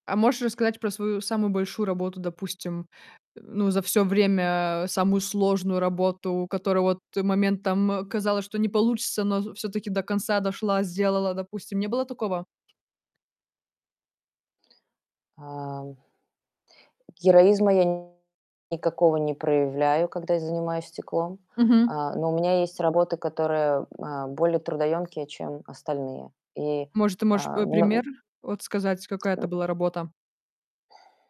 А можешь рассказать про свою самую большую работу, допустим, ну, за всё время самую сложную работу, которая вот момент, там, казалось, что не получится, но в всё-таки до конца дошла, сделала, допустим. Не было такого? Ам. Героизма я никакого не проявляю, когда я занимаюсь стеклом. Мгм. А, но у меня есть работы, которые, а, более трудоемкие, чем остальные. И, Может, ты можешь, а, э, м пример вот сказать, какая это была работа?